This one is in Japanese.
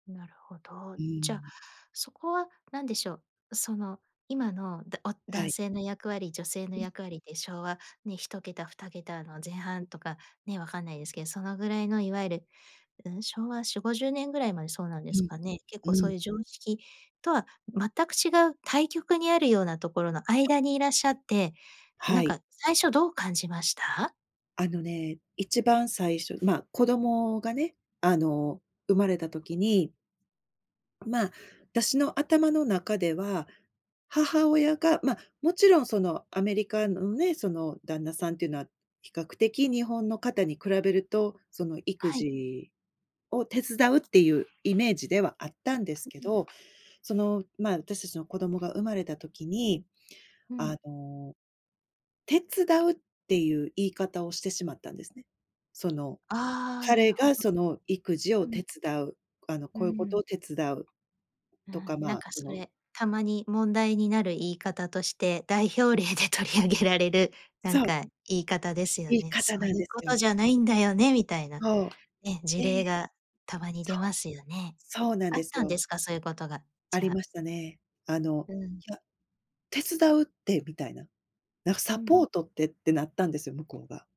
なるほど。うーじゃ、ん。そこは何でしょう。その今のだおは男い。性の役割、女性のうん。役割って昭和、ね、1桁、2桁の前半とかね、分かんないですけど、そのぐらいのいわゆる、うん。昭和4、50年ぐらいまでそうなんうですん。かね。結う構そうん。いう常識とは全く違う対極にあるようなところのそう。間にいらっしゃって、はなんい。か最初どう感じました？あのね、一番最初まあ、子供がね。あの生まれた時にまあ、あたしの頭の中では、母親が、ま、もちろん、そのアメリカのね、その旦那さんっていうのは、比較的日本の方に比べると、その育はい。児を手伝うっていうイメージではあったんですう、けうん。ど、その、まあ、あたしたちの子供が生まれた時に、うあん。の、「手伝う」っていう言い方をしてしまったんですね。そのああ、な彼るほど。がその、育児うをん。手伝う、あの、うーこういうことん。を手伝う。うとか、ん。なんまあ、かそそのれ、たまに問題になる言い方として、代表例で取り上げられる、なんそう。か言い方ですよ言いね。方そなうんいうですこよ。とじゃないんだよね、みたいな。そう。ね、事で例がたまにそ出う。ますよね。そうなんあっですたんよ。ですか、そういうことが、あじりゃあ。ましたね。あの、うん。いや、手伝うってみたいな。なんかうサん。ポートってってなったんですよ、向こうが。